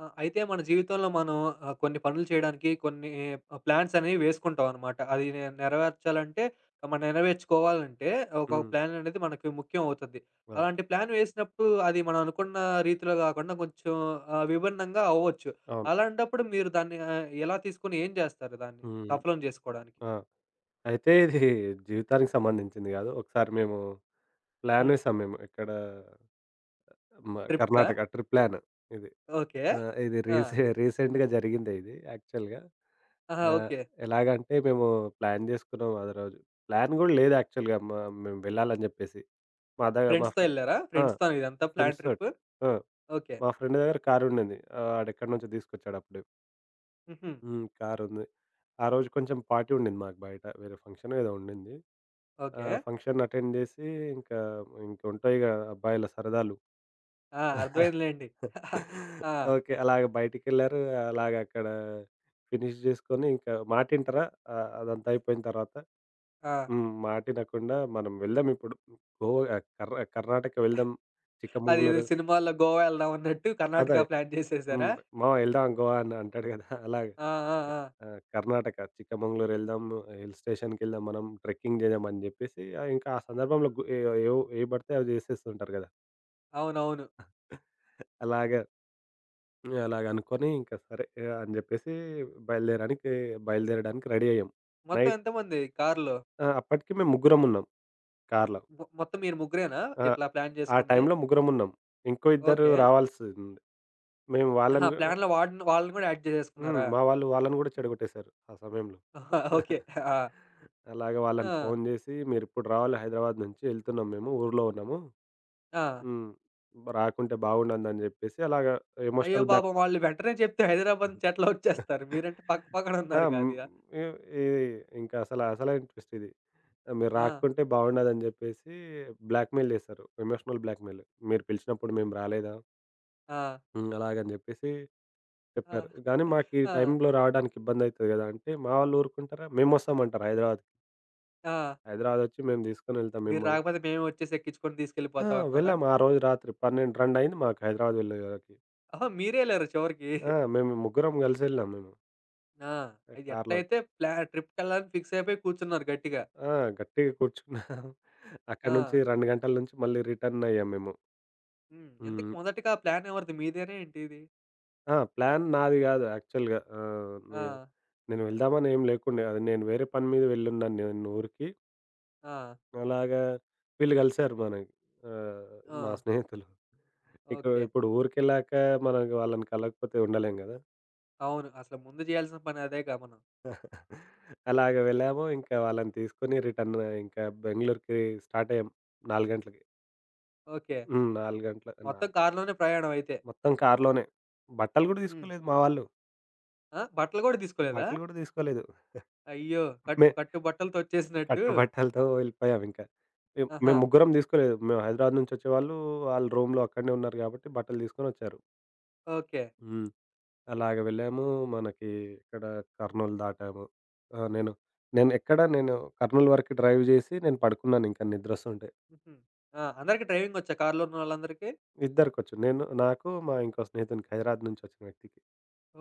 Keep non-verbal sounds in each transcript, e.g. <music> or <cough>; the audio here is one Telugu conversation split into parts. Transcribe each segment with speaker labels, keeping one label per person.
Speaker 1: ఆ! అయితే మన జీవితంలో మనం ఆహ్, కొన్ని పనులు చేయడానికి కొన్ని ప్లాన్సనేవి వేసుకుంటామనమాట. అది నే నెరవేర్చాలంటే మనం నెరవేర్చుకోవాలంటే, ఒక
Speaker 2: హ్మ్.
Speaker 1: ప్లాన్ అనేది మనకి ముఖ్యం అవుతది.
Speaker 2: అవును.
Speaker 1: అలాంటి ప్లాన్ వేసినప్పుడు అది మనం అనుకున్న రీతిలో గాకుండా కొంచెం ఆహ్, విభిన్నంగా అవ్వచ్చు.
Speaker 2: అవును.
Speaker 1: అలాంటప్పుడు మీరు దాన్ని ఆహ్, ఎలా తీసుకొని ఏం చేస్తారు? దాన్ని
Speaker 2: హ్మ్.
Speaker 1: సఫలం చేసుకోవడానికి.
Speaker 2: ఆ! అయితే ఇది జీవితానికి సంబంధించింది గాదు. ఒకసారి మేము ప్లాన్
Speaker 1: హ్మ్.
Speaker 2: వేసాం మేము, ఎక్కడ, మ
Speaker 1: ట్రిప్‌కా?
Speaker 2: కర్ణాటక ట్రిప్ ప్లాన్ ఇది.
Speaker 1: ఓకే.
Speaker 2: ఆహ్, ఇది
Speaker 1: ఆ!
Speaker 2: రీసె రీసెంట్‌గా జరిగిందే ఇది యాక్చువల్‌గా.
Speaker 1: ఆహా!
Speaker 2: ఆహ్,
Speaker 1: ఓకే.
Speaker 2: ఎలాగంటే, మేము ప్లాన్ జేసుకున్నాం ఆ రోజు. ప్లాన్ కూడా లేదు యాక్చువల్‌గా మ మేము వెళ్లాలని జేప్పేసి. మా ద మా
Speaker 1: ఫ్రెండ్స్‌తో
Speaker 2: ఫ్రేం
Speaker 1: ఎళ్లారా?
Speaker 2: ఆ!
Speaker 1: ఫ్రెండ్స్‌తోనా ఇదంతా ప్లాన్ ట్రిప్?
Speaker 2: ఫ్రెండ్స్‌తోటి. ఆ!
Speaker 1: ఓకే.
Speaker 2: మా ఫ్రెండ్ దగ్గర కారు ఉండింది. ఆడేక్కడి నుంచో తీసుకొచ్చాడప్పుడు.
Speaker 1: హుహు.
Speaker 2: హ్మ్. కారు ఉంది. ఆ రోజు కొంచెం పార్టీ ఉండింది మాకు బయట. వేరే ఫంక్షన్ ఏదో ఉండింది. ఆహ్,
Speaker 1: ఓకే.
Speaker 2: ఫంక్షన్ అటెండ్ చేసి, ఇంకా ఇంకుంటాయిగా అబ్బాయిల సరదాలు.
Speaker 1: ఆ!
Speaker 2: <chuckles>
Speaker 1: అర్థమైంది లెండి. <chuckles> ఆ!
Speaker 2: ఓకే. అలాగే బయటికెళ్లారు అలాగక్కడ ఫినిష్ జేసుకొని, ఇంకా మాటింటరా, ఆహ్, అదంతయిపోయిన తరువాత
Speaker 1: ఆ!
Speaker 2: హ్మ్. మాటినకుండా మనం వెళ్దాం ఇప్పుడు గోయ కర్ణ కర్ణాటక వెళ్దాం చిక్క
Speaker 1: అదేదో
Speaker 2: ముంగుళూరు.
Speaker 1: సినిమాలో గోవా ఎళ్దాం అన్నట్టు,
Speaker 2: అదే.
Speaker 1: కర్ణాటక <chuckles> ప్లాన్ చేసేసారా?
Speaker 2: హ్మ్. మామ వెళ్దాం గోవా అని అంటాడు <chuckles> కదా అలాగ.
Speaker 1: ఆ! ఆ! ఆ!
Speaker 2: ఆహ్, కర్ణాటక చిక్కమెంగుళూరు ఎళ్దాము హిల్ స్టేషన్‌కేళ్దాం మనం ట్రెక్కింగ్ చేద్దాం అని చెప్పేసి, ఇంకా ఆ సందర్భంలో గు ఏ ఏవి పడితే అవి జేసేస్తూంటారు కదా!
Speaker 1: అవునవును.
Speaker 2: <chuckles> అలాగా అలాగ అనుకోని ఇంక సరే అని జెప్పేసి బయలుదేరడానికి బయలుదేరడానికి రెడీ అయ్యాం.
Speaker 1: మొత్తం
Speaker 2: నైట్
Speaker 1: ఎంతమంది కారులో?
Speaker 2: ఆ! అప్పటికి మేము ముగ్గురమున్నాం కారులో.
Speaker 1: మొత్తం మీరు ముగ్గురేనా
Speaker 2: ఆ!
Speaker 1: ఇట్లా ప్లాన్
Speaker 2: ఆ
Speaker 1: జేసుకుంది?
Speaker 2: టైంలో ముగ్గురమున్నాం. ఇంకో ఇద్దరు
Speaker 1: ఓకే.
Speaker 2: రావాల్సింది. మేము
Speaker 1: ఆహా!
Speaker 2: వాళ్ళని గూ
Speaker 1: ప్లాన్‌లో వాడిని వాళ్ళని కూడా యాడ్
Speaker 2: హ్మ్.
Speaker 1: జేసేసుకున్నారా?
Speaker 2: మా వాళ్ళు వాళ్ళని గూడా చెడగొట్టేసారు ఆ సమయంలో.
Speaker 1: ఓకే.
Speaker 2: <chuckles>
Speaker 1: ఆ!
Speaker 2: అలాగ వాళ్ళని
Speaker 1: ఆ!
Speaker 2: ఫోను జేసి "మీరిప్పుడు రావాలి హైదరాబాద్ నుంచి, ఎళ్తున్నాము మేము. ఊరు‌లో ఉన్నము.
Speaker 1: ఆ!
Speaker 2: హ్మ్. రాకుంటే బాగుండదు" అని జెప్పేసి అలాగా
Speaker 1: అయ్యో
Speaker 2: ఎమోషనల్ బ్లాక్
Speaker 1: పాపం! వాళ్ళు వెంటనే చెప్తే హైదరాబాదు నుంచి ఎట్లా ఒచ్చేస్తారు? మీరంటే పక్క
Speaker 2: <giggles>
Speaker 1: పక్కన
Speaker 2: ఆ!
Speaker 1: ఉన్నారు
Speaker 2: మ్
Speaker 1: కాదుగా.
Speaker 2: ఇ ఇ ఇంకసలు అసలైన ట్విస్ట్ ఇది. "మీరు
Speaker 1: ఆ!
Speaker 2: రాకుంటే బావుండదు" అని జెప్పేసి బ్లాక్ మె‌యిల్ జేసారు. ఎమోషనల్ బ్లాక్‌మె‌యిల్ మీరు పిలిచినప్పుడు మేము రాలేదా?
Speaker 1: ఆ!
Speaker 2: హ్మ్. అలాగా అని జెప్పేసి
Speaker 1: ఆ!
Speaker 2: చెప్పారు. "గానీ మాకు ఈ
Speaker 1: ఆ!
Speaker 2: టైంలో రాడానికి ఇబ్బందయితది గదా" అంటే మా వాళ్ళు ఊరుకుంటారా "మేమొస్తాం" అంటరు హైదరాబాద్‌కి.
Speaker 1: ఆ!
Speaker 2: హైదరాబాద్ ఒచ్చి మేం దీసుకొని ఎళ్తాం
Speaker 1: మీరు
Speaker 2: మిమ్మల్ని
Speaker 1: రాకపోతే మేమే ఒచ్చేసి ఎక్కించుకొని
Speaker 2: ఆ!
Speaker 1: తీసుకెళ్ళిపోతాం అన్నారా?
Speaker 2: వెళ్ళాం. ఆరోజు రాత్రి పన్నెండు రెండయింది మాకు హైదరాబాద్ వెళ్ళేవరకి.
Speaker 1: ఆహా! మీరే ఎళ్ళరా? చివరికి.
Speaker 2: ఆ!
Speaker 1: <chuckles>
Speaker 2: మేము ముగ్గురం గలిసెళ్ళాం మేము.
Speaker 1: ఆ!
Speaker 2: ఎ
Speaker 1: అది
Speaker 2: కారులోకి
Speaker 1: ఎట్లైతే ప్లాన్ ట్రిప్‌కెళ్ళాలని ఫిక్సయిపోయి కూర్చున్నారు గట్టిగా.
Speaker 2: ఆ! గట్టిగా కూర్చున్న. <giggles> అక్కడి నుంచి
Speaker 1: ఆ!
Speaker 2: 2 గంటల నుంచి మళ్ళీ రిటర్న్ అయ్యాము మేము.
Speaker 1: హ్మ్. ఎందుకు
Speaker 2: హ్మ్.
Speaker 1: మొదటిగా ప్లానెవరిది మీదేనా ఏంటి ఇది?
Speaker 2: ఆ! ప్లాన్ నాది గాదు యాక్చువల్‌గా. ఆహ్, నే
Speaker 1: ఆ!
Speaker 2: నేను ఎళ్దామనేం లేకుండె నేను వేరే పని మీద వెళ్ళి ఉన్నాను నేను ఊరికి.
Speaker 1: ఆ!
Speaker 2: అలాగా వీళ్ళు గలిసారు మన ఆహ్, మా
Speaker 1: హ్మ్.
Speaker 2: స్నేహితులు.
Speaker 1: ఓకే.
Speaker 2: ఇప్పుడు ఊరికెళ్ళాక మన వాళ్ళని కలవకపోతే ఉండలేం గదా!
Speaker 1: అవును. అసలు ముందు జేయాల్సిన పని అదేగా మనం.
Speaker 2: <chuckles> అలాగ వెళ్ళాము ఇంకా వాళ్ళని తీసుకొని రిటర్న్ ఇంకా బెంగుళూరుకి స్టార్ట్ అయ్యాము 4 గంటలకి.
Speaker 1: ఓకే.
Speaker 2: హ్మ్. 4 గంటలు
Speaker 1: మొత్తం
Speaker 2: నాలు
Speaker 1: కారులోనే ప్రయాణమయితే.
Speaker 2: మొత్తం కారులోనే బట్టలు గూడా
Speaker 1: హ్మ్.
Speaker 2: దీసుకోలేదు మా వాళ్ళు.
Speaker 1: ఆ! బట్టలు గూడా దీసుకోలేదా?
Speaker 2: బట్టలు గూడా దీసుకోలేదు. <giggles>
Speaker 1: అయ్యో! కట్
Speaker 2: మే
Speaker 1: కట్టు బట్టలతోచ్చేసినట్టు.
Speaker 2: కట్టు బట్టలతో వెళ్ళిపోయాం ఇంకా. ఎ మేము
Speaker 1: ఆహా!
Speaker 2: ముగ్గురం దీసుకోలేదు. మేము హైదరాబాద్ నుంచి ఒచ్చే వాళ్ళు, ఆ రూమ్‌లో అక్కడే ఉన్నారు గాబట్టి బట్టలు దీసుకొనచ్చారు.
Speaker 1: ఓకే.
Speaker 2: హ్మ్. అలాగ వెళ్ళాము మనకి ఇక్కడ కర్నూల్ దాటాము. ఆహ్, నేను నేనెక్కడ నేను కర్నూల్ వరకు డ్రైవ్ జేసి నేను పడుకున్నానింకా నిద్రోస్తుంటే.
Speaker 1: హుహు. ఆ! అందరికి డ్రైవింగొచ్చా కార్‌లో ఉన్న వాళ్ళందరికీ?
Speaker 2: ఇద్దరికొచ్చు. నేను నాకు మా ఇంకో స్నేహితుడికి హైదరాబాద్ నుంచొచ్చిన వ్యక్తికి.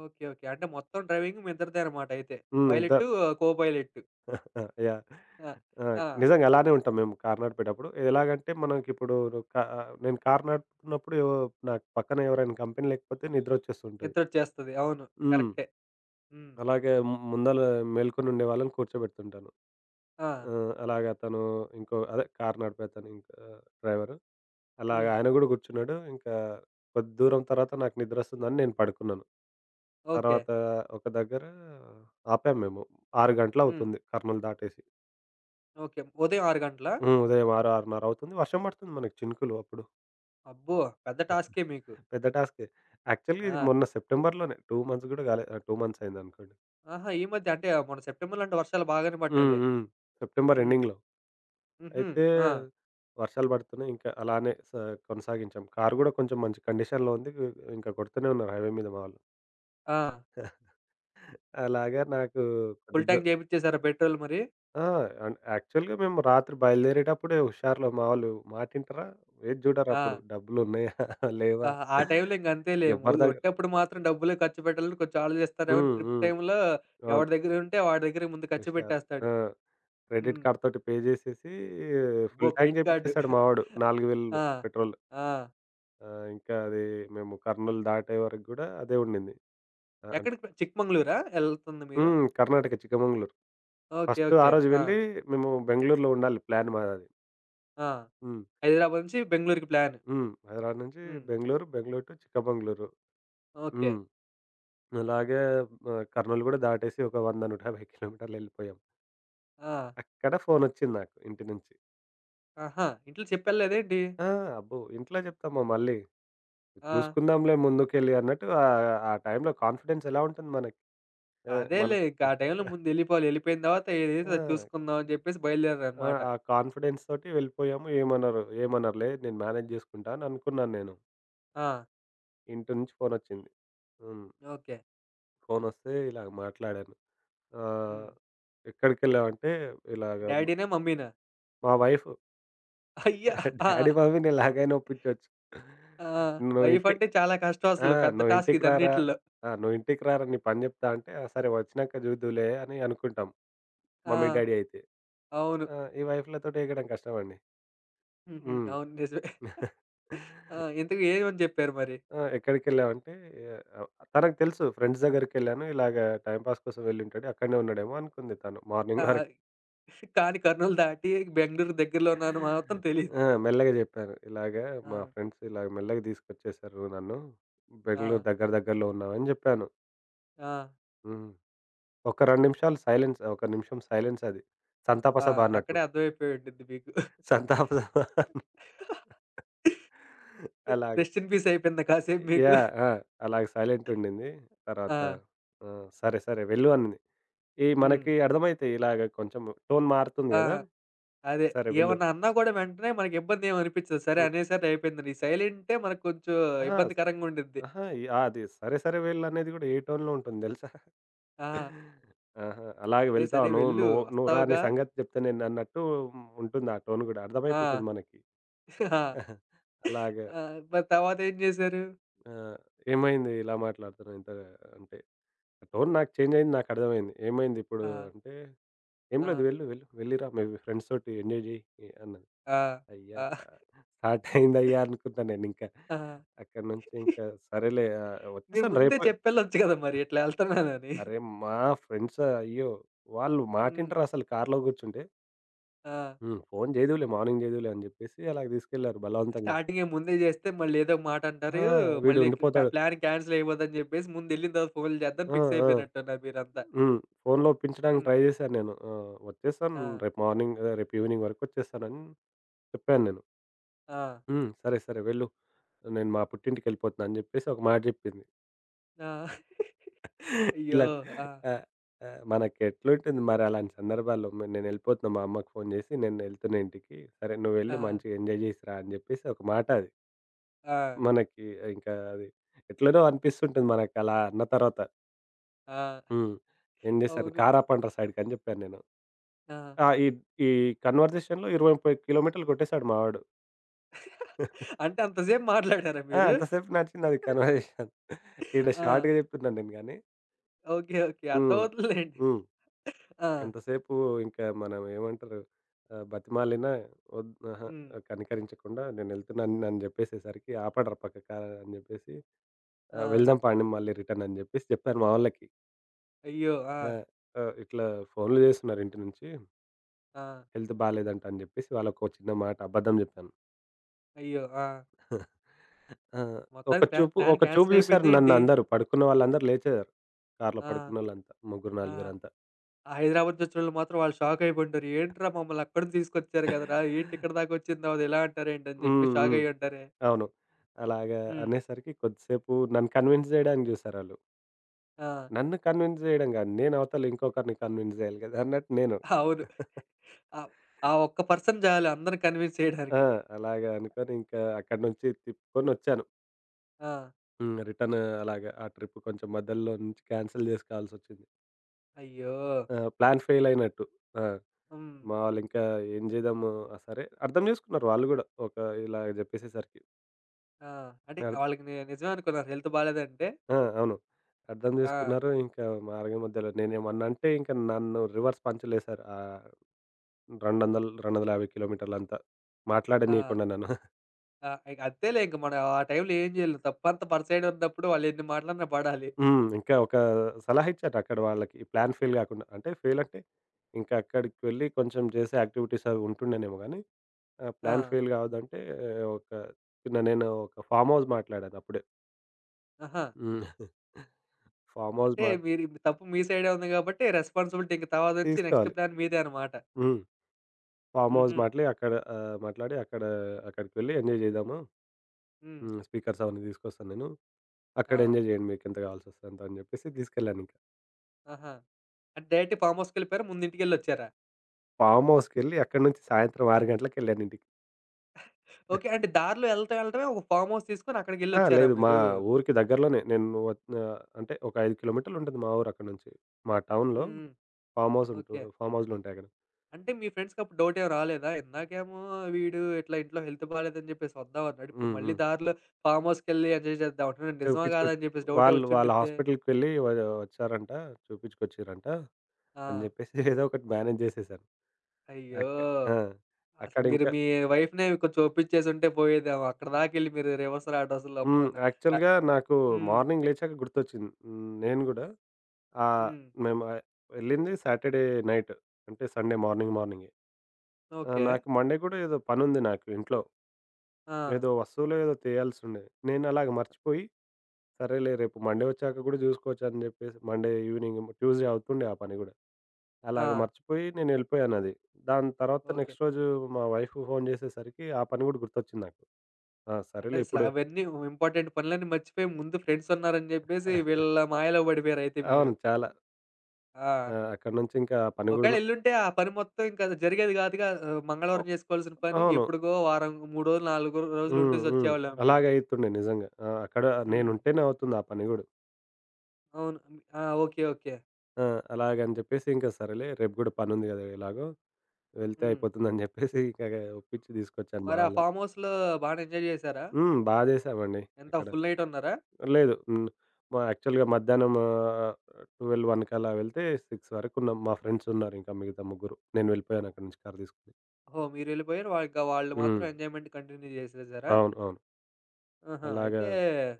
Speaker 1: ఓకే. ఓకే. అంటే మొత్తం డ్రైవింగ్ మీ ఇద్దరిదే అన్నమాట అయితే
Speaker 2: హ్మ్. ఇద్ద
Speaker 1: పైలటు, కో పైలటు.
Speaker 2: <chuckles> యహ్!
Speaker 1: ఆ!
Speaker 2: ఆ!
Speaker 1: ఆ!
Speaker 2: నిజంగా అలానే ఉంటాం మేము కారు నడిపేటప్పుడు. ఎలాగంటే, మనంకిప్పుడు కా నేను కారు నడుపుతున్నప్పుడు యో నాకు పక్కన ఎవరైనా కంపెనీ లేకపోతే నిద్రొచ్చేస్తుంటది.
Speaker 1: నిద్రోచేస్తది. అవును.
Speaker 2: హ్మ్.
Speaker 1: కరెక్టే. హ్మ్.
Speaker 2: అలాగే మ్ ముందల మేల్కొనుండే వాళ్ళని కూర్చోబెడుతుంటాను.
Speaker 1: ఆ!
Speaker 2: ఆహ్, అలాగ అతను ఇంకో అదే కారు నడిపే తను ఇంకా డ్రైవరు, అలాగా
Speaker 1: హ్మ్.
Speaker 2: ఆయన గూడా గూర్చున్నాడు, ఇంకా కొద్ది దూరం తర్వాత నాకు నిద్రొస్తుందని నేను పడుకున్నాను.
Speaker 1: ఓకే.
Speaker 2: తర్వాత ఒక దగ్గర ఆపాం మేము. 6
Speaker 1: హ్మ్.
Speaker 2: గంటలవుతుంది కర్నూల్ దాటేసి.
Speaker 1: ఓకే. ఉదయం 6 గంటలా?
Speaker 2: హ్మ్. ఉదయం 6, 6:30 వర్షం బడుతుంది మనకు చినుకులు అప్పుడు.
Speaker 1: అబ్బో! పెద్ద టాస్కె మీకు.
Speaker 2: <giggles> పెద్ద టాస్కె. యాక్చువల్‌గా ఇది
Speaker 1: ఆ!
Speaker 2: మొన్న సెప్టెంబర్‌లోనే, 2 మంత్స్ గూడా గాలే, 2 మంత్స్ అయ్యిందనుకోండి.
Speaker 1: ఆహా! ఈ మధ్యే అంటే మొన్న సెప్టెంబర్‌లో అంటే వర్షాలు బాగానే
Speaker 2: హ్మ్.
Speaker 1: పడ్డాయిలే.
Speaker 2: హ్మ్. సెప్టెంబర్
Speaker 1: హ్మ్.
Speaker 2: ఎండింగ్‌లో.
Speaker 1: హుహు.
Speaker 2: అయితే
Speaker 1: ఆ!
Speaker 2: వర్షాలు బడుతున్నాయి ఇంకా అలానే స కొనసాగించాం. కారు గూడా కొంచెం మంచి కండిషన్‌లో ఉంది ఆహ్, ఇంక కొడుతూనే ఉన్నారు హైవే మీద మా వాళ్ళు
Speaker 1: ఆ!
Speaker 2: <giggles> అలాగా నాకు కొద్ది
Speaker 1: ఫుల్
Speaker 2: దూ
Speaker 1: ట్యాంక్ జేపిచ్చేసారా పెట్రోల్ మరి?
Speaker 2: ఆ! అన్ యాక్చువల్‌గా మేము రాత్రి బయలుదేరేటప్పుడే హుషారులో మావోలు మాటింటారా? ఏది చూడరప్పుడు,
Speaker 1: ఆ!
Speaker 2: డబ్బులున్నాయా <chuckles>
Speaker 1: ఆ!
Speaker 2: లేవా?
Speaker 1: ఆ టైం‌లో ఇంగా అంతేలే ము
Speaker 2: ఎవ్వరి దగ్గ
Speaker 1: ఒట్టప్పుడు మాత్రం డబ్బులే ఖర్చుపెట్టాలని కొంచెం ఆలోచిస్తారేమో!
Speaker 2: హ్మ్.
Speaker 1: ట్రిప్
Speaker 2: హ్మ్.
Speaker 1: టైమ్‌లో
Speaker 2: అవును.
Speaker 1: ఎవడి దగ్గరుంటే వాడి దగ్గరకి ముందు ఖర్చు
Speaker 2: ఉషారు.
Speaker 1: పెట్టేస్తాడు.
Speaker 2: ఆ! క్రెడిట్
Speaker 1: హ్మ్.
Speaker 2: కార్డ్‌తోటి పే జేసేసి
Speaker 1: అబ్బో!
Speaker 2: Full tank
Speaker 1: credit card.
Speaker 2: జేపించేసాడు మావోడు 4000
Speaker 1: <giggles>
Speaker 2: వేలు
Speaker 1: ఆ!
Speaker 2: పెట్రోల్.
Speaker 1: ఆ!
Speaker 2: ఆ! ఇంకా అది మేము కర్నూల్ దాటే వరకు గూడా అదే ఉండింది. ఆహ్, అన్
Speaker 1: ఎక్కడికి చిక్మంగళూరా? ఎళ్తుంది మీరు?
Speaker 2: హ్మ్. కర్ణాటక చిక్కమంగళూరు.
Speaker 1: ఓకే.
Speaker 2: ఫస్టు ఆ
Speaker 1: ఓకే.
Speaker 2: రోజు
Speaker 1: ఆ!
Speaker 2: వెళ్ళి మేము బెంగుళూరులో ఉండాలి ప్లాన్ మాదది.
Speaker 1: ఆ!
Speaker 2: హ్మ్.
Speaker 1: హైదరాబాద్ నుంచి బెంగుళూరుకి ప్లాన్.
Speaker 2: హ్మ్. హైదరాబాద్ నుంచి
Speaker 1: హ్మ్.
Speaker 2: బెంగుళూరు, బెంగుళూరు టూ చిక్క బెంగుళూరు.
Speaker 1: ఓకే.
Speaker 2: హ్మ్. అలాగే ఆహ్, కర్నూల్ గూడా దాటేసి ఒక 100, 150 కిలోమీటర్లెళ్ళిపోయాం
Speaker 1: ఆ!
Speaker 2: అక్కడ ఫోనొచ్చింది నాకు ఇంటి నుంచి.
Speaker 1: ఆహా! ఇంట్లో చెప్పలేదా ఏంటి?
Speaker 2: ఆ! అబ్బో! ఇంట్లో జెప్తామా మళ్ళీ,
Speaker 1: ఆ!
Speaker 2: జూసుకుందాంలే ముందుకెళ్ళి అన్నట్టు ఆహ్, ఆ టైంలో కాన్ఫిడెన్సెలా ఉంటుంది మనకి. ఆహ్,
Speaker 1: అదేలే
Speaker 2: మనకి
Speaker 1: ఇంక ఆ టైంలో
Speaker 2: <giggles>
Speaker 1: ముందెళ్ళిపోవాలి, ఎళ్ళిపోయిన తరువాత ఏదైతే అది
Speaker 2: ఆ!
Speaker 1: చూసుకుందమని చెప్పేసి
Speaker 2: ఆ!
Speaker 1: బయలుదేరారన్నమాట.
Speaker 2: ఆ కాన్ఫిడెన్స్‌తోటి వెళ్ళిపోయాము. ఏమనరు ఏమనరులే నేను మేనేజ్‌ చేసుకుంటని అనుకున్నాను నేను.
Speaker 1: ఆ!
Speaker 2: ఇంటి నుంచి ఫోన్ వచ్చింది. హ్మ్.
Speaker 1: ఓకే.
Speaker 2: ఫోనొస్తే ఇలా మాట్లాడాను. ఆహ్,
Speaker 1: హ్మ్.
Speaker 2: ఎక్కడికెళ్ళావంటే, ఇలాగ
Speaker 1: డాడీనా, మమ్మీనా?
Speaker 2: మా వైఫ్.
Speaker 1: <chuckles> అయ్యా! ఆ!
Speaker 2: డాడీ, మమ్మీని ఎలాగైనా ఒప్పించొచ్చు.
Speaker 1: ఆ!
Speaker 2: నువ్వు ఇంటి
Speaker 1: వైఫంటే చాలా
Speaker 2: ఆ!
Speaker 1: కష్టమసలు పెద్ద
Speaker 2: నువ్వు
Speaker 1: టాస్క్
Speaker 2: ఇంటికి రారా
Speaker 1: ఇదన్నిటిల్లొ.
Speaker 2: ఆహ్, నువ్వు ఇంటికి రారా నీ పని జెప్తా అంటే సరే వచ్చినాక చూద్దువులే అని అనుకుంటాం
Speaker 1: ఆ!
Speaker 2: మమ్మీ, డాడీ అయితే.
Speaker 1: అవును.
Speaker 2: ఆహ్, ఈ వైఫ‌ల తోటి ఎగడం కష్టమండి.
Speaker 1: హుహు.
Speaker 2: హ్మ్.
Speaker 1: అవును, నిజమే.
Speaker 2: <chuckles>
Speaker 1: <chuckles> ఆ! ఇంతకు ఏమని చెప్పారు మరి?
Speaker 2: ఆ! ఎక్కడికెళ్ళావంటే, తనకు తెలుసు ఫ్రెండ్స్ దగ్గరికెళ్ళాను. ఇలాగ టైమ్ పాస్ కోసం వెళ్ళి ఉంటాడు, అక్కడనే ఉన్నాడేమో అనుకుంది తను
Speaker 1: ఆ
Speaker 2: మార్నింగ్ వరకు.
Speaker 1: కానీ కర్నూలు దాటి బెంగుళూరు దగ్గరలోనున్న అని మాత్రం తెలీదు.
Speaker 2: ఆ మెల్లగా జెప్పాను ఇలాగ మా
Speaker 1: ఆ!
Speaker 2: ఫ్రెండ్స్ ఇలా మెల్లగా తీసుకొచ్చేసారు నన్ను, బెంగుళూరు
Speaker 1: ఆ!
Speaker 2: దగ్గర దగ్గరలో ఉన్నాం అని జెప్పాను.
Speaker 1: ఆ!
Speaker 2: హ్మ్. ఒక్క 2 నిమిషాలు సైలెన్స్, ఒక్క నిమిషం సైలెన్స్ అది.
Speaker 1: ఆ!
Speaker 2: సంతాపసభ అన్నట్టు.
Speaker 1: అక్కడే అర్థమైపోయింటుంది మీకు. <chuckles>
Speaker 2: సంతాప సభ. అలాగా.
Speaker 1: రెస్ట్ ఇన్ పీస్ అయిపోయిందా కాసేపు మీకు?
Speaker 2: యాహ్! ఆ! అలాగే సైలెంట్ ఉండింది. తర్వాత
Speaker 1: ఆ!
Speaker 2: ఆహ్, సరే సరే వెళ్ళు అంది. మనకి
Speaker 1: హ్మ్.
Speaker 2: అర్థమైతాయి ఇలాగ కొంచెము టోన్ మారుతుంది
Speaker 1: ఆ!
Speaker 2: కదా!
Speaker 1: అదే.
Speaker 2: సరే వెళ్ళు
Speaker 1: ఏమన్నా అన్నా కూడా వెంటనే మనకి ఇబ్బందేమి అనిపించదు. సరే
Speaker 2: హ్మ్.
Speaker 1: అనేసారి అయిపోయింది సైలెంటే మనకు కొంచెం
Speaker 2: అహా!
Speaker 1: ఇబ్బందికరంగా ఉండుద్ది.
Speaker 2: అహా! అది సరే సరే వెళ్ళు అనేది కూడా ఏ టోన్‌లో ఉంటుంది తెలుసా?
Speaker 1: ఆ!
Speaker 2: <chuckles> ఆహా! అలాగే
Speaker 1: సరే,
Speaker 2: వెళ్తావు
Speaker 1: సరే!
Speaker 2: నువ్వు
Speaker 1: వెళ్ళు
Speaker 2: నువ్వు రా! నీ
Speaker 1: వస్తావుగా.
Speaker 2: సంగతి జెప్త నేనన్నట్టు ఉంటుంది ఆ టోన్ కూడా
Speaker 1: ఆ!
Speaker 2: అర్థమైపోతుంది మనకి.
Speaker 1: <chuckles> ఆ!
Speaker 2: <chuckles> అలాగా
Speaker 1: ఆ! మరి తరువాత ఏం చేసారు?
Speaker 2: ఆ! ఏమైంది ఇలా మాట్లాడుతున్నావు ఇంత అంటే, టోన్ నాకు చేంజ్ అయింది నాకర్థమయింది. ఏమైందిప్పుడు
Speaker 1: ఆ!
Speaker 2: అంటే, "ఏమి లేదు
Speaker 1: ఆ!
Speaker 2: వెళ్ళు, వెళ్ళు వెళ్లి రా మీ ఫ్రెండ్స్ తోటి ఎంజాయ్ చెయ్" ఆన్నది
Speaker 1: ఆ!
Speaker 2: అయ్యా!
Speaker 1: ఆ!
Speaker 2: <chuckles> స్టార్ట్ అయిందయ్యా! అనుకున్నాను నేను ఇంకా.
Speaker 1: ఆ!
Speaker 2: అక్కడి నుంచి,
Speaker 1: <giggles>
Speaker 2: ఇంకా సరేలే ఆహ్,
Speaker 1: మీరు
Speaker 2: వచ్చేసాను
Speaker 1: ముందే
Speaker 2: రేపు
Speaker 1: చెప్పి వెళ్ళొచ్చు కదా! మరి ఇట్లా ఎళ్తున్నానని?
Speaker 2: అరే! మా ఫ్రెండ్స్ అయ్యో! వాళ్ళు మాట
Speaker 1: హ్మ్.
Speaker 2: ఇంటారసలు కారులో కూర్చుంటే?
Speaker 1: ఆ!
Speaker 2: హ్మ్. ఫోను జేదువులే మార్నింగ్ జేదువులే అని జెప్పేసి అలాగ తీసుకెళ్లారు బలవంతంగా.
Speaker 1: స్టార్టింగే ముందే జేస్తే మళ్ళీ ఏదోక
Speaker 2: ఆ!
Speaker 1: మాటంటారు. మళ్ళీ క్ క్ కా
Speaker 2: వీడుండిపోతాడు
Speaker 1: ప్లానింగ్ కాన్సెల్ అయిపోద్దని జెప్పేసి ముందెళ్ళిన తర్వాత ఫోనులు జేద్దామని
Speaker 2: ఆ!
Speaker 1: ఫిక్స్
Speaker 2: ఆ!
Speaker 1: అయిపోయినట్టున్నారు మీరంతా.
Speaker 2: హ్మ్. ఫోనులో ఒప్పించడానికి
Speaker 1: హ్మ్.
Speaker 2: ట్రై జేశాను నేను. ఆహ్, "ఒచ్చేసాను
Speaker 1: ఆ!
Speaker 2: రేపు మార్నింగ్, రేపు ఈవెనింగ్ వరకు ఒచ్చేస్తాను" అని చెప్పాను నేను.
Speaker 1: ఆ!
Speaker 2: "హ్మ్. సరే, సరే వెళ్ళు. నేను మా పుట్టింటికెళ్ళిపోతున్నాను" అని జెప్పేసి ఒక మాట జెప్పింది.
Speaker 1: ఆ! <chuckles>
Speaker 2: <chuckles>
Speaker 1: అయ్యో!
Speaker 2: ఇలా
Speaker 1: ఆ!
Speaker 2: ఆహ్, ఆహ్, మనకెట్లుంటుంది మరలాంటి సందర్భాల్లో? "నేనేళ్ళిపోతున్నా మా అమ్మకి ఫోను జేసి, ఇంటికి సరే నువ్వెళ్లి
Speaker 1: ఆ!
Speaker 2: మంచిగా ఎంజాయ్ చేసి రా" అని జెప్పేసి ఒక మాట అది.
Speaker 1: ఆ!
Speaker 2: మనకి ఇంకా అది ఎట్లనో అనిపిస్తుంటది మనకలా అన్న తరువాత.
Speaker 1: ఆ!
Speaker 2: హ్మ్. ఏం జేశాను?
Speaker 1: అవును.
Speaker 2: "కారు ఆపండ్ర సైడ్‌కి" అని జెప్పాను నేను.
Speaker 1: ఆ!
Speaker 2: ఆ! ఇ ఈ కన్వర్జేషన్‌లో 20, 30 కి. మీ కిలోమీటర్లు కొట్టేసాడు మా వాడు. <chuckles>
Speaker 1: అంటే అంతసేపు మాట్లాడారా
Speaker 2: ఆ!
Speaker 1: మీరు?
Speaker 2: అంత సేపు నడిచింది కన్వర్జేషన్. ఈ
Speaker 1: ఆ!
Speaker 2: షార్ట్‌గా జెప్తున్నాను నేను గానీ
Speaker 1: ఓకే. ఓకే. అర్థమవుతుందిలెండి.
Speaker 2: హ్మ్.హ్మ్.
Speaker 1: ఆ!
Speaker 2: ఎంతసేపు ఇంకా మనం ఏమంటరు, ఆహ్, బతిమాలిన ఒద్ అహా!
Speaker 1: హ్మ్.
Speaker 2: కనికరించకుండా "నేనేళ్తున్నాను" అని జెప్పేసరికి "ఆపండ్ర పక్కకి" అని జెప్పేసి ఆహ్,
Speaker 1: ఆ!
Speaker 2: "వెళ్దాం పాండి మళ్ళి రిటర్న్" అని జెప్పేసి జెప్పాను మా వాళ్ళకి.
Speaker 1: అయ్యో!
Speaker 2: ఆ!
Speaker 1: ఆ!
Speaker 2: అ ఇట్ల ఫోనులు జేస్తున్నారు ఇంటి నుంచి.
Speaker 1: ఆ!
Speaker 2: హెల్త్ బాలేదంట అని జెప్పేసి వాళ్ళకో చిన్నమాట అబద్ధం జెప్పాను.
Speaker 1: అయ్యో! ఆ!
Speaker 2: <chuckles> ఆ! ఒక
Speaker 1: మొత్తానికి ప్లా
Speaker 2: చూపు,
Speaker 1: ప్లాన్
Speaker 2: ఒక చూపు
Speaker 1: కాన్సెల్
Speaker 2: చూసారు
Speaker 1: అయిపోయిందా ఏంటి?
Speaker 2: నన్నందరు. పడుకున్న వాళ్ళందరూ లేచారు. కారులో
Speaker 1: ఆ!
Speaker 2: పడుకున్నోలంతా ముగ్గురు,
Speaker 1: ఆ!
Speaker 2: నలుగురంతా.
Speaker 1: హైదరాబాద్ నుంచి ఒచ్చినోళ్ళు మాత్రం వాళ్ళు షాక్ అయిపోయుంటారు. ఏంట్రా మమ్మల్ని అక్కడి నుంచి తీసుకొచ్చారు కదరా! ఏంటిక్కడి దాకొచ్చిన తర్వాత ఇలా అంటారేంటి అని జెప్పి
Speaker 2: హ్మ్.
Speaker 1: షాక్
Speaker 2: హ్మ్.
Speaker 1: అయ్యుంటారే!
Speaker 2: అవును. అలాగా
Speaker 1: హ్మ్.
Speaker 2: అనేసరికి కొద్దిసేపు నన్ను కన్విన్స్ జేయడానికి చూసారాళ్ళు.
Speaker 1: ఆ!
Speaker 2: నన్ను కన్విన్స్ జేయడం గాదు. నేను అవతల ఇంకొకరిని కన్విన్స్ జేయాలి కదా అన్నట్టు నేను.
Speaker 1: అవును.
Speaker 2: <chuckles>
Speaker 1: ఆహ్, ఆ ఒక్క పర్సన్ జాలు అందరిని కన్విన్స్
Speaker 2: ఆ!
Speaker 1: చేయడానికి.
Speaker 2: అలాగా అనుకోని ఇంకా అక్కడి నుంచి తిప్పుకొనొచ్చాను.
Speaker 1: ఆ!
Speaker 2: హ్మ్. రిటర్న్ అలాగా ఆ ట్రిప్ కొంచెం మధ్యలో నుంచి క్యాన్సిల్ జేసుకోవాల్సొచ్చింది.
Speaker 1: అయ్యో!
Speaker 2: ఆ! ప్లాన్ ఫేల్ ఫెయిలయినట్టు. ఆ!
Speaker 1: హ్మ్.
Speaker 2: మా వాళ్లింక ఏం జేద్దాము, ఆ! సరే అర్థం చేసుకున్నారు వాళ్ళు గూడా, ఒక ఇలా జెప్పేసేసరికి.
Speaker 1: ఆ! అంటే
Speaker 2: నల్
Speaker 1: వాళ్ళకి ని నిజమనుకున్నారా హెల్త్ బాలేదంటే?
Speaker 2: ఆ! అవును. అర్థం
Speaker 1: ఆ!
Speaker 2: జేసుకున్నారు. ఇంకా మార్గమధ్యలో నేనేమన్నా అంటే, ఇంక నన్ను రివర్స్ పంచులేసారు. ఆహ్, 200, 250 కిలోమీటర్లంతా
Speaker 1: ఆ!
Speaker 2: మాట్లాడనీయకుండా నన్ను. <chuckles>
Speaker 1: ఆ! ఇగ అంతేలే, ఇంక మనం ఆ టైంలో ఏం జేయలేం. తప్పంత మన సైడే ఉన్నప్పుడు వాళ్ళెన్ని మాటలన్నా పడాలి.
Speaker 2: హ్మ్. ఇంకా ఒక సలహా ఇచ్చారు అక్కడి వాళ్ళకి ప్లాన్ ఫెయిల్ కాకుండా. అంటే ఫెయిల్ అంటే, ఇంకా అక్కడికెళ్లి కొంచెం చేసే యాక్టివిటీస్ అవి ఉంటుండెనేమో గాని, ఆహ్, ప్లాన్
Speaker 1: ఆ!
Speaker 2: ఫెయిల్ కావద్దంటే, ఒక చిన్న నేను ఒక ఫార్మ్‌‌ హౌస్ మాట్లాడానప్పుడే.
Speaker 1: ఆహా!
Speaker 2: హ్మ్. <giggles> ఫార్మ్‌హౌస్
Speaker 1: అంటే
Speaker 2: మా
Speaker 1: మీరిప్పుడు తప్పు మీ సైడే ఉంది కాబట్టి రెస్‌పాన్సిబిలిటీ ఇంక తర్వాత నుంచి నెక్స్ట్
Speaker 2: తీసుకోవాలి.
Speaker 1: ప్లాన్ మీదే అన్నమాట.
Speaker 2: హ్మ్. ఫార్మ్‌హౌస్
Speaker 1: హుహు.
Speaker 2: మాటలే అక్కడ ఆహ్, మాట్లాడి అక్కడ అక్కడికి వెళ్లి ఎంజాయ్ జేద్దాము,
Speaker 1: హ్మ్.
Speaker 2: హ్మ్. స్పీకర్స్ అవన్నీ తీసుకొస్తాను నేను.
Speaker 1: ఆ!
Speaker 2: అక్కడెంజాయ్ జేయండి మీకెంత కావాల్సొస్తే అంత అని జెప్పేసి తీసుకెళ్ళానింక.
Speaker 1: ఆహా! అంటే డైరెక్ట్ ఫార్మ్‌హౌస్‌కెళ్ళిపోయారా ముందింటికెళ్లొచ్చారా?
Speaker 2: ఫార్మ్‌హౌస్‌కెళ్లి అక్కడ నుంచి సాయంత్రం 6 గంటలకెళ్ళానింటికి.
Speaker 1: ఓకే.
Speaker 2: <giggles>
Speaker 1: అంటే దారిలో ఎళ్లటం ఎళ్ళటమే ఒక ఫార్మ్‌హౌస్‌ తీసుకొని
Speaker 2: ఆ!
Speaker 1: అక్కడికెళ్లొచ్చారా
Speaker 2: లేదు. మా
Speaker 1: మీరు?
Speaker 2: ఊరికి దగ్గరలోనే. నేను ఆహ్, అంటే ఒక 5 కి. మీ ఉంటుంది మా ఊరక్కడి నుంచి. మా
Speaker 1: హ్మ్.
Speaker 2: టౌన్‌లో
Speaker 1: హ్మ్.
Speaker 2: ఫార్మ్‌హౌస్ ఉంటు
Speaker 1: ఓకే.
Speaker 2: ఫార్మ్‌హౌసులు ఉంటాయక్కడ.
Speaker 1: అంటే మీ ఫ్రెండ్స్‌కప్పుడు డౌటేమి రాలేదా? ఇందాకేమో వీడు ఇట్లా ఇంట్లో హెల్త్ బాలేదని చెప్పేసి వద్దాం అన్నాడు. ఇప్పుడు
Speaker 2: హ్మ్.
Speaker 1: మళ్ళీ
Speaker 2: హ్మ్.
Speaker 1: దారిలో ఫార్మ్‌హౌస్‌కెళ్లి ఎంజాయ్ చేద్దాం అంటున్నాడు. ఇది నిజమా
Speaker 2: చుపించుకొ
Speaker 1: కాదా అని చెప్పేసి డౌటే
Speaker 2: వాళ్ళు వాళ్ళ
Speaker 1: వచ్చిండుద్దే.
Speaker 2: హాస్పిటల్‌కి వెళ్లి వ వచ్చారంట. జూపించుకొచ్చిర్రంట అని
Speaker 1: ఆ!
Speaker 2: జెప్పేసి ఏదో ఒకటి మేనేజ్ చేసేసాను.
Speaker 1: అయ్యో!
Speaker 2: అక్ ఆ!
Speaker 1: అసలు
Speaker 2: అక్కడింక
Speaker 1: మీరు మీ వైఫ్‌నే కొంచెం ఓప్పిచ్చేసి ఉంటే పోయేదేమో అక్కడి దాకెళ్లి మీరు రివర్సు రావడం అసలమ్మో
Speaker 2: హ్మ్.
Speaker 1: న అ
Speaker 2: యాక్చువల్‌గా నాకు
Speaker 1: హ్మ్.
Speaker 2: మార్నింగ్ లేచాక గుర్తొచ్చింది. నేను గూడా ఆహ్,
Speaker 1: హ్మ్.
Speaker 2: మేము వెళ్ళింది సాటర్‌ డే నైట్ అంటే సండే మార్నింగ్ మార్నింగే. ఆహ్,
Speaker 1: ఓకే.
Speaker 2: నాకు మండే కూడా ఏదో పనుంది ఉంది నాకు ఇంట్లో.
Speaker 1: ఆ!
Speaker 2: ఏదో వస్తువులో, ఏదో తెయాల్సుండేది. నేనలాగే మర్చిపోయి సరేలే రేపు మండే ఒచ్చాక కూడా జూసుకోవచ్చు అని జెప్పేసి మండే ఈవెనింగ్, ట్యూస్‌డే అవుతుండే ఆ పని కూడా అలాగే
Speaker 1: ఆ!
Speaker 2: మర్చిపోయి నేనేళ్ళిపోయానది. దాని తర్వాత
Speaker 1: ఓకే.
Speaker 2: నెక్స్ట్ రోజు మా వైఫ్‌కి ఫోన్ చేసేసరికి ఆ పని కూడా గుర్తొచ్చింది నాకు. ఆ!
Speaker 1: అంటే
Speaker 2: సరేలే
Speaker 1: అసలు
Speaker 2: ఇప్పుడు
Speaker 1: అవన్నీ ఉ ఇంపార్టెంట్ పనులన్నీ మర్చిపోయి ముందు ఫ్రెండ్సున్నారని చెప్పేసి
Speaker 2: <giggles>
Speaker 1: వీళ్ళ మాయలో పడిపోయారైతే మీరు.
Speaker 2: అవును. చాలా.
Speaker 1: ఆ!
Speaker 2: ఆహ్, అక్కడి నుంచి ఇంకా పని <unintelligible>
Speaker 1: ఒకవేళెళ్లుంటే ఆ పని మొత్తం ఇంకది జరిగేది కాదుగా ఆహ్, మంగళవారం
Speaker 2: ఓహ్
Speaker 1: చేసుకోవాల్సిన పని!
Speaker 2: అవును.
Speaker 1: ఎప్పుడుకో వారం 3 రోజులు, 4
Speaker 2: హ్మ్. హ్మ్.
Speaker 1: రోజులుండేసొచ్చేవాళ్ళేమో మీరు.
Speaker 2: అలాగే అయితుండే నిజంగా. ఆ! అక్కడ
Speaker 1: హ్మ్.
Speaker 2: నేనుంటేనే అవుతుంది ఆ పని గూడా.
Speaker 1: అవును. మ్ ఆ! ఓకె. ఓకె.
Speaker 2: ఆ! అలాగని జెప్పేసి ఇంక సరేలే రేపు గూడా పని ఉంది గదా ఎలాగో, వెళ్తే
Speaker 1: హ్మ్.
Speaker 2: అయిపోతుంది <chuckles> అని జెప్పేసి ఇంక ఒప్పించి తీసుకొచ్చా మా
Speaker 1: మరి ఆ
Speaker 2: వాళ్ళని.
Speaker 1: ఫార్మ్‌హౌస్‌లో బానే ఎంజాయ్ చేసారా?
Speaker 2: హ్మ్. బాచేశామండి
Speaker 1: ఎంత
Speaker 2: అక్కడ.
Speaker 1: ఫుల్ నైట్ ఉన్నారా?
Speaker 2: లేదు. హ్మ్. యాక్చువల్‌గా మధ్యాహ్నం, ఆహ్, 12 వన్‌కలా వెళ్తే 6 వరకున్నాం. మా ఫ్రెండ్స్ ఉన్నారింక మిగతా ముగ్గురు. నేను వెళ్ళిపోయానక్కడి నుంచి కారు తీసుకొని.
Speaker 1: ఓహో! మీరెళ్ళిపోయారు వాళ్ళు ఇంక, వాళ్ళు మాత్రం
Speaker 2: హ్మ్.
Speaker 1: ఎంజాయ్‌మెంట్ కంటిన్యూ చేసేసారా?
Speaker 2: అవును. అవును.
Speaker 1: ఆహా!
Speaker 2: అలాగా
Speaker 1: అయితే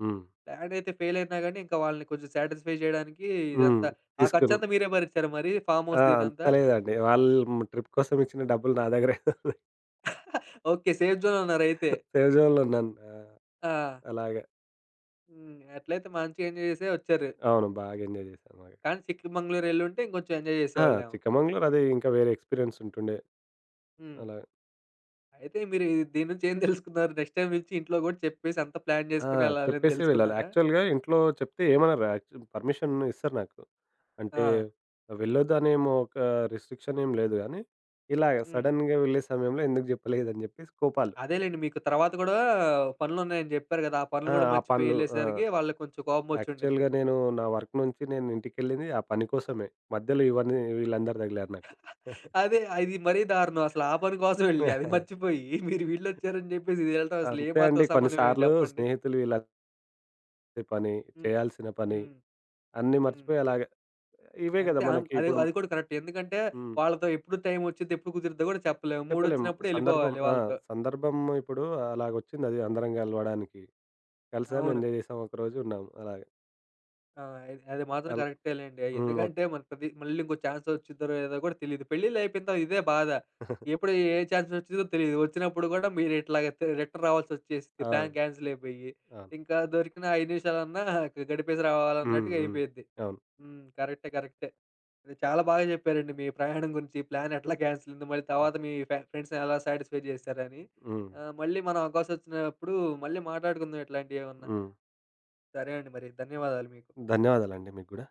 Speaker 2: హ్మ్.
Speaker 1: ప్లానయితే ఫెయిల్ అయినా గాని, ఇంక వాళ్ళని కొంచెం సాటిస్ఫై చేయడానికి
Speaker 2: హ్మ్.
Speaker 1: ఇదంతా ఆ
Speaker 2: తీసుకుర్రు
Speaker 1: ఖర్చంతా మీరే భరించారా మరి?
Speaker 2: ఆ!
Speaker 1: ఫార్మ్‌హౌస్‌ది
Speaker 2: అంత
Speaker 1: ఇదంతా.
Speaker 2: లేదండి. వాళ్ళు మ్ ట్రిప్ కోసం ఇచ్చిన డబ్బులు నా దగ్గరే <chuckles>
Speaker 1: <chuckles> ఓకే. సేఫ్‌జోన్‌లో ఉన్నారయితే.
Speaker 2: సేఫ్ జోన్‌లో ఉన్నాను. ఆ!
Speaker 1: ఆ!
Speaker 2: అలాగ.
Speaker 1: హ్మ్. అట్లైతే మంచిగా ఎంజాయ్ చేసే ఒచ్చారు.
Speaker 2: అవును. బాగా ఎంజాయ్ చేశారు బాగా.
Speaker 1: కానీ సిక్కిమంగుళూరెళ్లుంటే, ఇంగొంచెం ఎంజాయ్
Speaker 2: ఆ!
Speaker 1: జేసేవాళ్ళేమో!
Speaker 2: చిక్కమంగళూరు అదీ ఇంక వేరే ఎక్స్‌పీరియన్స్ ఉంటుండే.
Speaker 1: హ్మ్.
Speaker 2: అలాగ.
Speaker 1: అయితే మీరు ఈ దీన్నుంచి ఏం <chuckles> తెలుసుకున్నారు? నెక్స్ట్ టైమ్ నుంచి ఇంట్లో గూడా చెప్పేసి అంత ప్లాన్
Speaker 2: ఆ!
Speaker 1: చేసుకొనెళ్ళాలని
Speaker 2: చెప్పేసే వెళ్ళాలి
Speaker 1: దెలుసుకున్నారా?
Speaker 2: యాక్చువల్‌గా ఇంట్లో చెప్తే ఏమనరు యాక్చు పర్మిషన్ ఇస్తరు నాకు. అంటే
Speaker 1: ఆ!
Speaker 2: వెళ్లొద్దనేం ఒక రిస్ట్రిక్షన్ ఏమి లేదు గాని ఇలాగా
Speaker 1: హ్మ్.
Speaker 2: సడెన్‌గా వెళ్ళే సమయంలో ఎందుకు జెప్పలేదని చెప్పేసి కోపాలు.
Speaker 1: అదేలెండి. మీకు తరువాత గూడా పనులున్నాయని జెప్పారు గదా! ఆ పనులు
Speaker 2: ఆ!
Speaker 1: కూడా
Speaker 2: ఆ పనులు. ఆహ్,
Speaker 1: మర్చిపోయెళ్ళేసరికి వాళ్ళక్కొంచెం కోపం ఒచ్చిండుద్ది.
Speaker 2: యాక్చువల్‌గా నేను నా వర్క్ నుంచి నేనింటికెళ్లింది ఆ పని కోసమే. మధ్యలో ఇవన్నీ వీళ్ళందరూ తగిలారు నాకు.
Speaker 1: <chuckles>
Speaker 2: <chuckles>
Speaker 1: అదే. అది మరీ దారుణం అసలాపని కోసం యెళ్లి, అది
Speaker 2: <chuckles>
Speaker 1: మర్చిపోయి, <chuckles> మీరు వీళ్ళొచ్చారని జెప్పేసి ఎల్లటం అసలు ఏ
Speaker 2: అంతే అండి
Speaker 1: మాత్రం
Speaker 2: కొన్ని
Speaker 1: సమన్యాయం
Speaker 2: సార్లు
Speaker 1: జెప్పండి.
Speaker 2: స్నేహితులు ఇలా ఇంటి పని,
Speaker 1: హ్మ్.
Speaker 2: చేయాల్సిన పని,
Speaker 1: హ్మ్.
Speaker 2: అన్ని
Speaker 1: హ్మ్.
Speaker 2: మర్చిపోయేలాగా ఇవే కదా
Speaker 1: అంతే అం
Speaker 2: మనకి
Speaker 1: అది
Speaker 2: ఇప్పుడు
Speaker 1: అది కూడా కరెక్ట్. ఎందుకంటే,
Speaker 2: హ్మ్.
Speaker 1: వాళ్ళతో ఎప్పుడు టైం వచ్చుద్ది. ఎప్పుడు కుదురుద్దో కూడా చెప్పలేము. మూడ్
Speaker 2: చెప్పలేం.
Speaker 1: ఒచ్చినప్పుడు
Speaker 2: సందర్భం.
Speaker 1: యెళ్ళిపోవాలి
Speaker 2: ఆ!
Speaker 1: వాళ్ళతో.
Speaker 2: సందర్భం ఇప్పుడు అలాగొచ్చిందది అందరం గలవడానికి. కలిసాం,
Speaker 1: అవును.
Speaker 2: ఎంజాయ్ చేసాం, ఒకరోజు ఉన్నాం అలాగ.
Speaker 1: ఆ! ఇద్ అది మాత్రం
Speaker 2: అల్
Speaker 1: కరెక్టే లెండి. ఆహ్,
Speaker 2: హ్మ్. ఒక్
Speaker 1: ఎందుకంటే, మనకి మళ్ళీ ఇంకో ఛాన్స్ వచ్చిద్దో లేదో కూడా తెలీదు. పెళ్లిళ్లు అయిపోయిన తర్వాత ఇదే బాధ.
Speaker 2: <chuckles>
Speaker 1: ఎప్పుడు ఏ ఛాన్స్ వచ్చిద్దో తెలీదు. వచ్చినప్పుడు కూడా మీరిట్లాగా తి రిటర్న్ రావాల్సొచ్చేసింది
Speaker 2: ఆ!
Speaker 1: ప్లాన్
Speaker 2: అవును.
Speaker 1: క్యాన్సిల్ అయిపోయి.
Speaker 2: ఆ!
Speaker 1: ఇంక దొరికిన 5 నిమిషాలన్నా, <chuckles> గడిపేసి
Speaker 2: హ్మ్.
Speaker 1: రావాలన్నట్టుగా
Speaker 2: హ్మ్.
Speaker 1: అయిపోయిద్ది.
Speaker 2: అవును
Speaker 1: హ్మ్. కరెక్టే. కరెక్టే. అది. చాలా బాగా చెప్పారండి మీ ప్రయాణం గురించి ప్లాన్ ఎట్లా క్యాన్సిల్ అయింది. మళ్ళీ తర్వాత మీ ఫ్రెండ్స్‌ని ఎలా సాటిస్ఫై చేశారని.
Speaker 2: హ్మ్.
Speaker 1: ఆహ్, మళ్ళీ మనం అవకాశం ఒచ్చినప్పుడు మళ్ళీ మాట్లాడుకుందాం ఇట్లాంటియేవన్నా.
Speaker 2: హ్మ్.
Speaker 1: సరే అండి మరి. ధన్యవాదాలు మీకు.
Speaker 2: ధన్యవాదాలండి మీకు గూడా.